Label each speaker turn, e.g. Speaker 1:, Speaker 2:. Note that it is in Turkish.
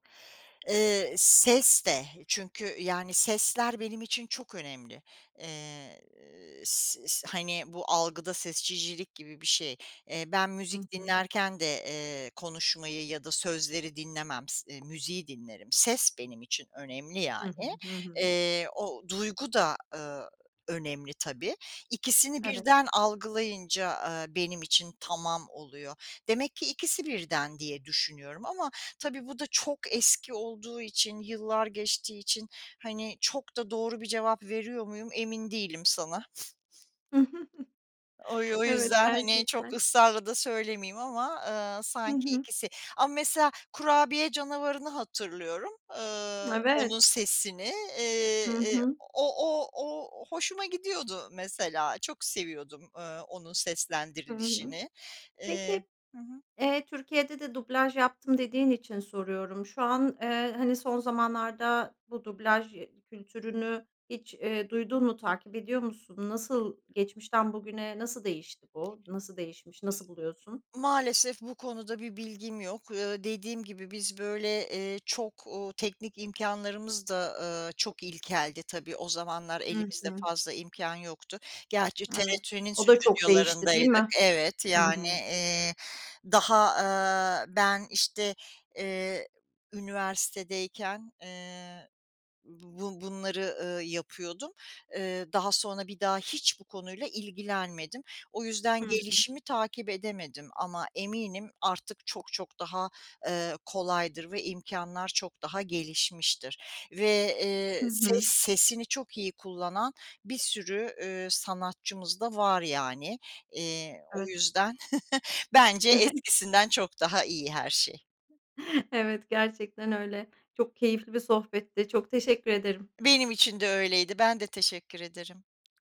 Speaker 1: Eee, ses de çünkü, yani, sesler benim için çok önemli. Eee, ııı, s s hani bu algıda seçicilik gibi bir şey. Eee, ben
Speaker 2: Hı
Speaker 1: müzik
Speaker 2: hı.
Speaker 1: dinlerken de, eee, konuşmayı ya da sözleri dinlemem, s müziği dinlerim. Ses benim için önemli
Speaker 2: Hı hı.
Speaker 1: yani.
Speaker 2: Hı hı.
Speaker 1: Eee, o duygu da, ııı, önemli tabii. İkisini
Speaker 2: Evet.
Speaker 1: birden algılayınca, aaa, benim için tamam oluyor. Demek ki ikisi birden diye düşünüyorum ama tabii bu da çok eski olduğu için yıllar geçtiği için hani çok da doğru bir cevap veriyor muyum emin değilim sana. O y o
Speaker 2: Evet,
Speaker 1: yüzden hani çok
Speaker 2: gerçekten.
Speaker 1: ısrarla da söylemeyeyim ama, ııı,
Speaker 2: Hı
Speaker 1: sanki
Speaker 2: hı.
Speaker 1: ikisi. Ama mesela kurabiye canavarını hatırlıyorum, ııı,
Speaker 2: Evet.
Speaker 1: onun sesini, eee,
Speaker 2: Hı
Speaker 1: eee,
Speaker 2: hı.
Speaker 1: o o o hoşuma gidiyordu mesela, çok seviyordum, ııı, onun
Speaker 2: Hı hı.
Speaker 1: seslendirilişini. Eee,
Speaker 2: Peki,
Speaker 1: hı hı.
Speaker 2: eee, Türkiye'de de dublaj yaptım dediğin için soruyorum. Şu an, eee, hani, son zamanlarda bu dublaj kültürünü hiç, eee, duydun mu, takip ediyor musun? Nasıl geçmişten bugüne nasıl değişti
Speaker 1: İ
Speaker 2: bu? Nasıl değişmiş? Nasıl buluyorsun?
Speaker 1: Maalesef bu konuda bir bilgim yok. Iıı, dediğim gibi biz böyle, eee, çok, ooo, teknik imkânlarımız da, ııı, çok ilkeldi tabii. O zamanlar
Speaker 2: Hı
Speaker 1: elimizde
Speaker 2: hı.
Speaker 1: fazla imkân yoktu. Gerçi
Speaker 2: Evet,
Speaker 1: TRT'nin
Speaker 2: o da çok değişti, değil
Speaker 1: stüdyolarındaydık
Speaker 2: mi?
Speaker 1: Evet,
Speaker 2: Hı
Speaker 1: yani,
Speaker 2: hı.
Speaker 1: eee, daha, aaa, ben, işte, eee, üniversitedeyken, eee, bu bunları, ııı, yapıyordum. Eee, daha sonra bir daha hiç bu konuyla ilgilenmedim. O yüzden
Speaker 2: Hı hı.
Speaker 1: gelişimi takip edemedim ama eminim artık çok çok daha, eee, kolaydır ve imkânlar çok daha gelişmiştir ve,
Speaker 2: Hı
Speaker 1: eee, ses
Speaker 2: hı.
Speaker 1: sesini çok iyi kullanan bir sürü, üüü, sanatçımız da var yani. Eee, o
Speaker 2: Evet.
Speaker 1: yüzden bence eskisinden çok daha iyi her şey.
Speaker 2: Evet, gerçekten öyle. Çok keyifli bir sohbetti. Çok teşekkür ederim.
Speaker 1: Benim için de öyleydi, ben de teşekkür ederim.